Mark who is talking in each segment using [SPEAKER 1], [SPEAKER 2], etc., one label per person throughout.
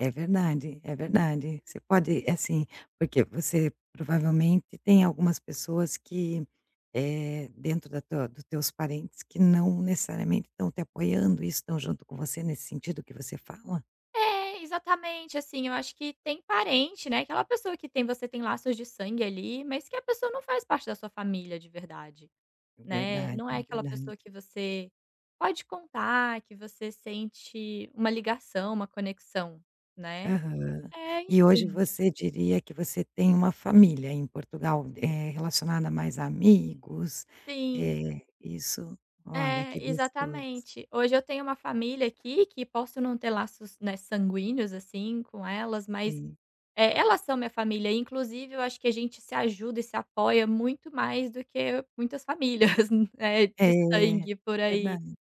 [SPEAKER 1] É verdade, é verdade, você pode assim, porque você, provavelmente, tem algumas pessoas que, eh, dentro da tua do teus parentes que não necessariamente estão te apoiando e estão junto com você nesse sentido que você fala?
[SPEAKER 2] É, exatamente, assim, eu acho que tem parente, né, aquela pessoa que tem você tem laços de sangue, ali, mas que a pessoa não faz parte da sua família de verdade,
[SPEAKER 1] É
[SPEAKER 2] né,
[SPEAKER 1] verdade,
[SPEAKER 2] não é
[SPEAKER 1] é
[SPEAKER 2] aquela
[SPEAKER 1] verdade.
[SPEAKER 2] pessoa que você pode contar, que você sente uma ligação, uma conexão, né.
[SPEAKER 1] Aham.
[SPEAKER 2] É,
[SPEAKER 1] E hoje
[SPEAKER 2] enfim.
[SPEAKER 1] você diria que você tem uma família em Portugal, eh, relacionada mais a amigos,
[SPEAKER 2] Sim.
[SPEAKER 1] eh, isso olha,
[SPEAKER 2] É,
[SPEAKER 1] que gostoso.
[SPEAKER 2] exatamente. Hoje eu tenho uma família aqui, que posso não ter laços, né, sanguíneos, assim, com elas, mas,
[SPEAKER 1] Sim.
[SPEAKER 2] eh, elas são minha família, inclusive eu acho que a gente se ajuda e se apoia muito mais do que muitas famílias, né, de
[SPEAKER 1] É,
[SPEAKER 2] sangue por aí.
[SPEAKER 1] verdade.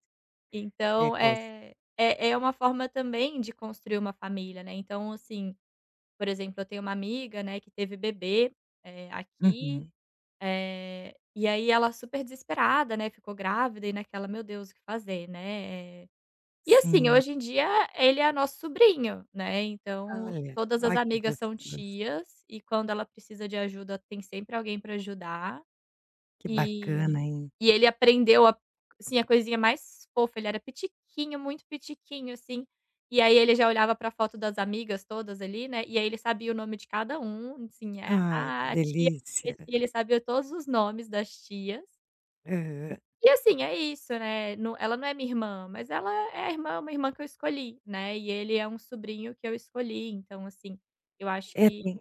[SPEAKER 1] É
[SPEAKER 2] Então,
[SPEAKER 1] cos
[SPEAKER 2] eh, é é uma forma também de construir uma família, né. Então assim, por exemplo, eu tenho uma amiga, né, que teve bebê, eh, aqui,
[SPEAKER 1] Uhum.
[SPEAKER 2] eh, e aí ela super desesperada, né, ficou grávida e naquela: "Meu Deus o que fazer?", né, eh, e assim,
[SPEAKER 1] Sim.
[SPEAKER 2] hoje em dia ele é nosso sobrinho, né, então
[SPEAKER 1] Olha,
[SPEAKER 2] todas
[SPEAKER 1] ó,
[SPEAKER 2] as
[SPEAKER 1] que
[SPEAKER 2] amigas são
[SPEAKER 1] gostoso.
[SPEAKER 2] tias e quando ela precisa de ajuda tem sempre alguém para ajudar.
[SPEAKER 1] Que
[SPEAKER 2] E
[SPEAKER 1] bacana, hein?
[SPEAKER 2] e ele aprendeu a sim, a coisinha mais fofa, ele era pitiquinho, muito pitiquinho assim, e aí ele já olhava para foto das amigas todas ali, né, e aí ele sabia o nome de cada um, assim, eh,
[SPEAKER 1] Ai, que
[SPEAKER 2] "Ah, tia", [unintelligible]
[SPEAKER 1] delícia.
[SPEAKER 2] e ele sabia todos os nomes das tias.
[SPEAKER 1] Aham.
[SPEAKER 2] E assim, é isso, né, no ela não é minha irmã, mas ela é é a irmã uma irmã que eu escolhi, né, e ele é um sobrinho que eu escolhi, então assim, eu acho
[SPEAKER 1] É,
[SPEAKER 2] que
[SPEAKER 1] tem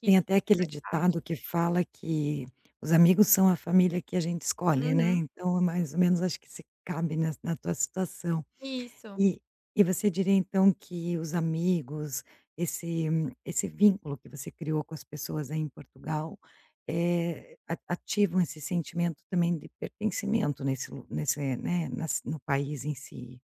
[SPEAKER 2] que
[SPEAKER 1] tem
[SPEAKER 2] isso
[SPEAKER 1] até
[SPEAKER 2] também
[SPEAKER 1] aquele
[SPEAKER 2] faz parte.
[SPEAKER 1] ditado que fala que: "Os amigos são a família que a gente escolhe", né,
[SPEAKER 2] Uhum.
[SPEAKER 1] então é mais ou menos acho que se cabe na na tua situação.
[SPEAKER 2] Isso.
[SPEAKER 1] E e você diria então que os amigos, esse esse vínculo que você criou com as pessoas aí em Portugal, eh, a ativam esse sentimento também de pertencimento nesse lu nesse, eh, né nas no país em si.